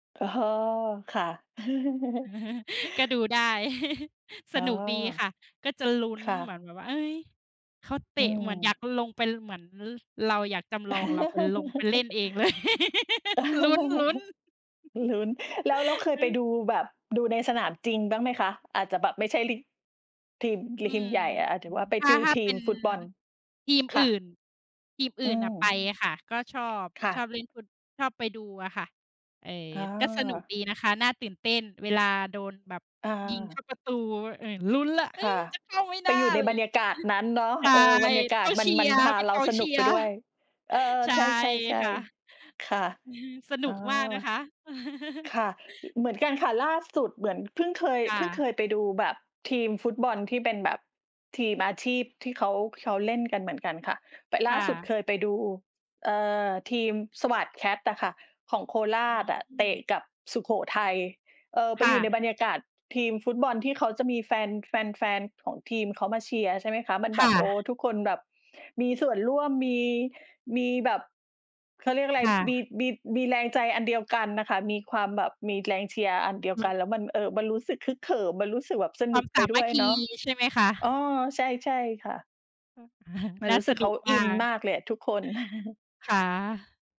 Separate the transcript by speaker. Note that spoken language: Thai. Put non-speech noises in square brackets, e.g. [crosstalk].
Speaker 1: อ๋อ ค่ะ [laughs]
Speaker 2: [chuckles] ก็ดูได้ [chuckles] ส
Speaker 1: อ๋อ
Speaker 2: นุกดีค่ะ ก็จะลุ้น
Speaker 1: ค่
Speaker 2: เหม
Speaker 1: ะ
Speaker 2: ือนแบบว่า เฮ้ย เขาเต
Speaker 1: อื
Speaker 2: ะ เหมือนอยาก
Speaker 1: ม
Speaker 2: ลงไป เหมือนเราอยากจำลองเราไปลง ไปเล่น
Speaker 1: [laughs]
Speaker 2: เองเลย [laughs] ลุ้น ๆ
Speaker 1: [laughs] ลุ้น แล้ว แล้วเ
Speaker 2: [laughs]
Speaker 1: คย
Speaker 2: อื
Speaker 1: ไป
Speaker 2: อ
Speaker 1: ดูแบบ ดูในสนามจริงบ้างไหมคะ? อาจจะแบบไม่ใช่ ลี ทีม ที
Speaker 2: อื
Speaker 1: ม ทีม
Speaker 2: ม
Speaker 1: ใหญ่อะ หรือว่าไป
Speaker 2: ถ้
Speaker 1: ด
Speaker 2: า
Speaker 1: ู
Speaker 2: ถ้า
Speaker 1: ท
Speaker 2: เ
Speaker 1: ี
Speaker 2: ป
Speaker 1: ม
Speaker 2: ็น
Speaker 1: ฟุตบอล
Speaker 2: ทีม
Speaker 1: ค
Speaker 2: อื
Speaker 1: ่
Speaker 2: ่
Speaker 1: ะ
Speaker 2: น ทีมอ
Speaker 1: อ
Speaker 2: ื
Speaker 1: ื
Speaker 2: ่น
Speaker 1: ม
Speaker 2: อะไปอะค่ะ ก็ชอบ
Speaker 1: ค่
Speaker 2: ชอ
Speaker 1: ะ
Speaker 2: บเล่นฟุต ชอบไปดูอะค่ะ เออ
Speaker 1: อ
Speaker 2: ก็สนุก
Speaker 1: า
Speaker 2: ดีนะคะ น่าตื่นเต้น เวลาโดนแบบ
Speaker 1: อ
Speaker 2: ยิงเข้
Speaker 1: า
Speaker 2: าประตู เอ่อ ลุ้นแล้ว เฮ
Speaker 1: ค
Speaker 2: ้
Speaker 1: ่
Speaker 2: ย
Speaker 1: ะ
Speaker 2: "จะเข้าไหม
Speaker 1: ไป
Speaker 2: น่า?"
Speaker 1: อยู่
Speaker 2: อ
Speaker 1: ใ
Speaker 2: ะ
Speaker 1: น
Speaker 2: ไร
Speaker 1: บร
Speaker 2: อย่
Speaker 1: ร
Speaker 2: า
Speaker 1: ย
Speaker 2: ง
Speaker 1: า
Speaker 2: เงี้
Speaker 1: กาศนั้นเน
Speaker 2: ย
Speaker 1: าะ
Speaker 2: [chuckles] ใช่
Speaker 1: เออ บรรยากา
Speaker 2: ก
Speaker 1: ศ
Speaker 2: ็
Speaker 1: มั
Speaker 2: เช
Speaker 1: น
Speaker 2: ี
Speaker 1: มั
Speaker 2: ย
Speaker 1: น
Speaker 2: ร์
Speaker 1: พา
Speaker 2: เป็น
Speaker 1: เร
Speaker 2: ก
Speaker 1: า
Speaker 2: อง
Speaker 1: ส
Speaker 2: เช
Speaker 1: นุ
Speaker 2: ี
Speaker 1: ก
Speaker 2: ย
Speaker 1: ไป
Speaker 2: ร์
Speaker 1: ด้วย
Speaker 2: [chuckles]
Speaker 1: เออ
Speaker 2: ใช
Speaker 1: ใ
Speaker 2: ่
Speaker 1: ช่
Speaker 2: ค่ะ
Speaker 1: ๆ ๆ ค่ะ
Speaker 2: [chuckles] สนุ
Speaker 1: อ๋อ
Speaker 2: กมากนะคะ [chuckles]
Speaker 1: ค่ะ อ เหมือนกันค่ะ ล่าสุดเหมือนเพิ่งเคย
Speaker 2: ค
Speaker 1: เ
Speaker 2: ่
Speaker 1: พิ่งเ
Speaker 2: ะ
Speaker 1: คยไปดูแบบทีมฟุตบอลที่เป็นแบบ ทีมอาชีพที่เขา เขาเล่นกันเหมือนกันค่ะ แต่ล
Speaker 2: ค
Speaker 1: ่า
Speaker 2: ่
Speaker 1: สุด
Speaker 2: ะ
Speaker 1: เคยไปดู เอ่อ ทีมสวาทแคทอะค่ะ ของโคร
Speaker 2: อ
Speaker 1: าชอะ
Speaker 2: ื
Speaker 1: เต
Speaker 2: ม
Speaker 1: ะกับสุโขทัย เออ ไป
Speaker 2: ค่
Speaker 1: อยู่ใน
Speaker 2: ะ
Speaker 1: บรรยากาศทีมฟุตบอล ที่เขาจะมีแฟน แฟน ๆ ของทีมเขามาเชียร์ ใช่ไหมคะ มัน
Speaker 2: ค
Speaker 1: แบ
Speaker 2: ่
Speaker 1: บ โอ้
Speaker 2: ะ
Speaker 1: ทุกคนแบบ มีส่ว
Speaker 2: อ
Speaker 1: น
Speaker 2: ๋
Speaker 1: ร
Speaker 2: อ
Speaker 1: ่วม มี มีแบบ เขาเรียกอะไร
Speaker 2: ค่
Speaker 1: มี
Speaker 2: ะ
Speaker 1: มี มีแรงใจอันเดียวกันน่ะค่ะ มีความแบบ มีแรงเชียร์อันเดียว
Speaker 2: อื
Speaker 1: กั
Speaker 2: ม
Speaker 1: น แล้วมัน เอ่อ มันรู้สึกฮึกเหิม มันรู้สึกแบบส
Speaker 2: คว
Speaker 1: น
Speaker 2: า
Speaker 1: ุก
Speaker 2: มส
Speaker 1: ไป
Speaker 2: า
Speaker 1: ด
Speaker 2: ม
Speaker 1: ้
Speaker 2: ั
Speaker 1: ว
Speaker 2: ค
Speaker 1: ย
Speaker 2: คี
Speaker 1: เนาะ
Speaker 2: ใช่ไหมคะ?
Speaker 1: เออ ใช่ ๆ ค่ะ ม
Speaker 2: [chuckles]
Speaker 1: ัน
Speaker 2: น่
Speaker 1: ร
Speaker 2: า
Speaker 1: ู้ส
Speaker 2: ส
Speaker 1: ึก
Speaker 2: น
Speaker 1: เข
Speaker 2: ุ
Speaker 1: า
Speaker 2: ก
Speaker 1: อ
Speaker 2: ม
Speaker 1: ิ
Speaker 2: า
Speaker 1: น
Speaker 2: ก
Speaker 1: มากเลยอะ ทุกคน [chuckles]
Speaker 2: ค่ะ